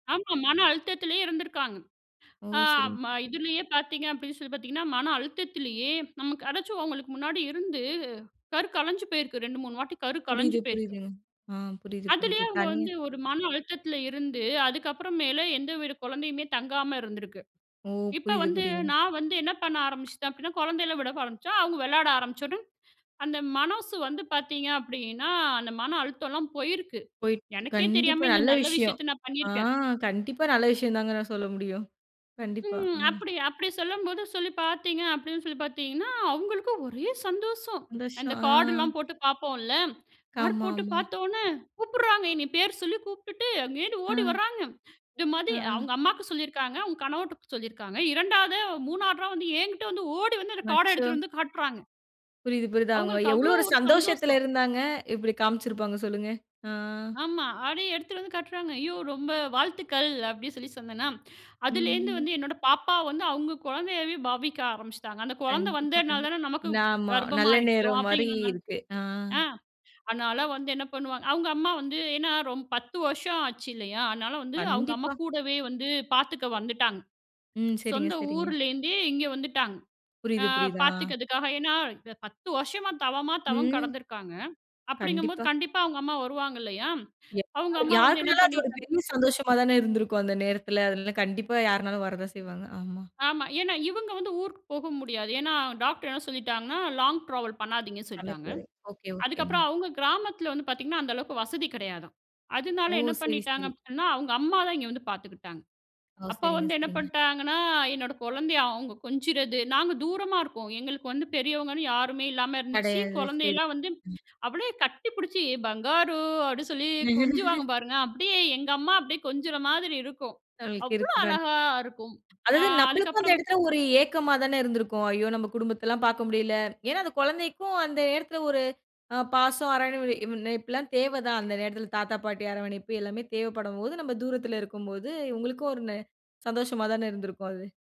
ஆமா. மன அழுத்தத்திலே இருந்திருக்காங்க. ஓ! ஆ சரிங் ம இதுலயே பாத்தீங்க அப்டி சொல்லி பாத்தீங்கன்னா, மன அழுத்தத்திலயே நம்ம கடைச்சவோங்களுக்கு முன்னாடி இருந்து கரு கலைஞ்சு போயிருக்கு. 2, 3 வாட்டி கரு கலைஞ்சு புரியுது, போயிருக்கு. புரியுதுங்க. ஆ புரிது அதுலே புரிது. அவங்க தனியா வந்து ஒரு மன அழுத்தத்துல இருந்து, அதுக்கப்புறமேலு எந்த வித குழந்தையுமே தங்காம இருந்திருக்கு. ஓ! இப்ப புரியுது. வந்து புரியுதுங்க. நான் வந்து என்ன பண்ண ஆரம்பிச்சிட்டே அப்படின்னா, குழந்தைகள விட ஆரம்பிச்ச. அவங்க விளையாட ஆரமிச்சொன, அந்த மனசு வந்து பாத்தீங்க அப்படின்னா, அந்த மன அழுத்தோலா போயிருக்கு. போய்ட் எனக்கே கண்டிப்பா தெரியாம இந்த நல்ல நல்ல விஷயோம். விஷயத்த நான் ஆ. பண்ணிருக்கேன். கண்டிப்பா நல்ல விஷயதாங்கனு நான் சொல்ல முடியும். கண்டிப்பா. ம். ம். அப்டி அப்டி சொல்லும்போது சொல்லி பார்த்தீங்க, அப்டின்னு சொல்லி பாத்தீங்கன்னா, அவங்களுக்கு ஒரே சந்தோஷம். சந்தோஷம். அந்தக் ஆ. கார்டுலாம் போட்டு பாப்போம்ல. கார்டு போட்டு ஆமாமா. பாத்தவுனே, "கூப்புடுறாங்க, என்னய பேர் சொல்லி கூப்டுட்டு, அங்கேருந்து ஆ, ஓடி வர்றாங்க. இது மாதி ஆஅ, அவங்க அம்மாவுக்கு சொல்லியிருக்காங்க. அவங்க கணவர்ட்ட சொல்லியிருக்காங்க. 2வதா 3வதா வந்து என்கிட்ட வந்து ஓடி வந்து அந்த கார்ட அச்சோ! எடுத்துட்டு வந்து காட்டுறாங்க. புரிது. புரிது. அவங்க அவங்களுக்கு எவ்ளோ அவ்ளோ ஒரு ஒரு சந்தோஷத்துல சந்தோஷம். இருந்தாங்க. இப்டி காமிச்சுருப்பாங்க சொல்லுங்க. ஆ, ஆமா. அப்டியே எடுத்துட்டு வந்து காட்டுறாங்க. ஐயோ! ரொம்ப வாழ்த்துக்கள். அப்படி சொல்லி சொன்னேன்னா, அதுலேருந்து ம்ஹ்ம். வந்து என்னோட பாப்பாவ வந்து, அவங்க குழந்தையவே பாவிக்க ஆரம்பிச்சிட்டாங்க. அந்த குழந்த கண்டிப்பா வந்தனால கண்டிப்பா. தான நமக்கு ஆம நல்ல கர்ப்பமாயிட்டோ நேரம் மாரி அப்டின்ங்கற மாரி. இருக்கு. ஆ. ஆ. அதனால வந்து என்ன பண்ணுவாங்க, அவங்க அம்மா வந்து ஏன்னா ரொம்ப 10 வருஷம் ஆச்சு இல்லையா? அதனால வந்து அவங்க அம்மா கண்டிப்பா. கூடவே வந்து பாத்துக்க வந்துட்டாங்க. ம். சரிங்க சொந்த சரிங்க. ஊர்ல இருந்தே இங்க வந்துட்டாங்க. ஆ. புரியுது புரியுது. ஆ. பாத்துக்கிறதுக்காக. ஏன்னா 10 வருஷமா தவமா தவம் ம். கடந்துருக்காங்க. அப்படிங்கும்போது கண்டிப்பா. கண்டிப்பா அவங்க அம்மா வருவாங்கல்லையா? யா அவங்க அம்மா வந்து என்ன யாருக்குனாலும் அது ஒரு பண்ணிட்டாங்க பெரிய சந்தோஷமா தான இருந்திருக்கும். அந்த நேரத்துல. அதுனால கண்டிப்பா யாருனாலும் வரதான் செய்வாங்க. ஆமா. ஆமா. ஏன்னா இவங்க வந்து ஊருக்குப் போக முடியாது. ஏன்னா டாக்டர் என்ன சொல்லிட்டாங்கன்னா, லாங் டிராவல் பண்ணாதீங்கன்னு சொல்லிட்டாங்க. அமைப்பு. ஓகே. அதுக்கப்புறோ ஓகேங்க. அவங்க கிராமத்துல வந்து பாத்தீங்கன்னா அந்த அளவுக்கு வசதி கிடையாதா. அதனால ஓ! என்ன சரி பண்ணிட்டாங்க சரி. அப்டின்னா அவங்க அம்மாதா இங்க வந்து பாத்துக்கிட்டாங்க. ஓ. அப்ப சரிங்க வந்து என்ன சரிங்க. பண்ட்டாங்கன்னா என்னோட குழந்தைய அவங்க கொஞ்சறது. நாங்க தூரமா இருக்கோ. எங்களுக்கு வந்து பெரியவங்கன்னு யாருமே இல்லாம இருந்துச்சு. கெடையாது சரி. குழந்தையெல்லா வந்து ம். அவளே கட்டிப்புடிச்சு "பங்காரு" அப்டி சொல்லி கொஞ்சுவாங்க பாருங்க. அப்டியே எங்க அம்மா அப்டி கொஞ்சற மாதிரி இருக்கும். அவ்ளோ [unintelligible] அழகா இருக்கும். ஆ அதாது நம்மளுக்கு அந்த அதுக்கப்றம் இடத்துல ஒரு ஏக்கமாதான இருந்திருக்கும். ஐயோ! நம்ம குடும்பத்தல்லாம் பாக்க முடியல. ஏன்னா அந்த குழந்தைக்கும் அந்த நேரத்துல ஒரு அ பாசம், அரராவணைப்புல்லா தேவ தான். அந்த நேரத்துல தாத்தா, பாட்டி அரவணைப்பு எல்லாமே தேவப்படும்போது, நம்ம தூரத்துல இருக்கும்போது உங்களுக்கு ஒரு ந சந்தோஷமா தான இருந்திருக்கும். அது.